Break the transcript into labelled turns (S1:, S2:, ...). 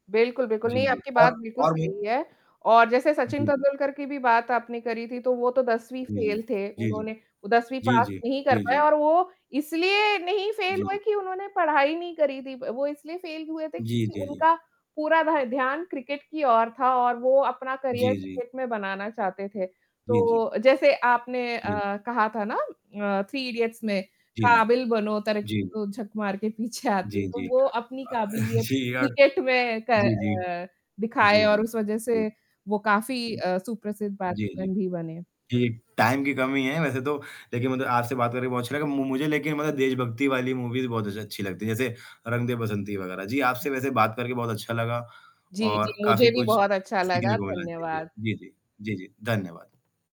S1: बिल्कुल, बिल्कुल।
S2: जी,
S1: नहीं,
S2: जी।
S1: आपकी बात
S2: और
S1: बिल्कुल
S2: और भी
S1: सही है और जैसे सचिन
S2: जी, जी।
S1: तेंदुलकर की भी बात आपने करी थी, तो वो तो 10वीं
S2: जी, जी।
S1: फ़ेल थे।
S2: जी, जी।
S1: उन्होंने वो 10वीं
S2: जी,
S1: पास
S2: जी।
S1: नहीं कर
S2: जी,
S1: पाए
S2: जी।
S1: और वो इसलिए नहीं फ़ेल
S2: जी,
S1: हुए
S2: ज
S1: कि उन्होंने पढ़ाई नहीं करी थी। व वो इसलिए फ़ेल हुए थे
S2: जी,
S1: क्योंकि
S2: जी, जी।
S1: उनका पूरा भा ध्यान क्रिकेट की ओर था और वो अपना करियर
S2: जी, जी।
S1: क्रिकेट में बनाना चाहते थे।
S2: जी, जी।
S1: तो जैसे आपने अ,
S2: जी।
S1: कहा था ना अ, थ्री इडियट्स में
S2: जी, जी।
S1: काबिल बनो तरक्की
S2: जी।
S1: तो झक मार के पीछे आती।
S2: जी,
S1: तो
S2: जी।
S1: वो अपनी
S2: अ,
S1: काबिलियत
S2: जी यार
S1: क्रिकेट में क
S2: जी, जी।
S1: अ,
S2: जी,
S1: दिखाए और
S2: जी।
S1: उस वजह
S2: जी।
S1: से वो काफ़ी
S2: उम,
S1: अ, सुप्रसिद्ध [unintelligible]
S2: जी, जी।
S1: भी बने।
S2: जी, टाइम की कमी है वैसे तो लेकिन मतलब आपसे बात करके बहुत अच्छा लगा। मु मुझे लेकिन मतलब देशभक्ति वाली मूवीज़ बहुत अच्छ अच्छी लगती हैं। जैसे रंग दे बसंती वग़ैरह। जी, आपसे वैसे बात करके बहुत अच्छा लगा
S1: जी, जी।
S2: और
S1: मुझे
S2: काफ़ी
S1: भी
S2: कुछ
S1: बहुत अच्छा
S2: सीखने
S1: लगा।
S2: को मिला। जी, जी।
S1: धन्यवाद।
S2: जी, जी। जी, जी। धन्यवाद।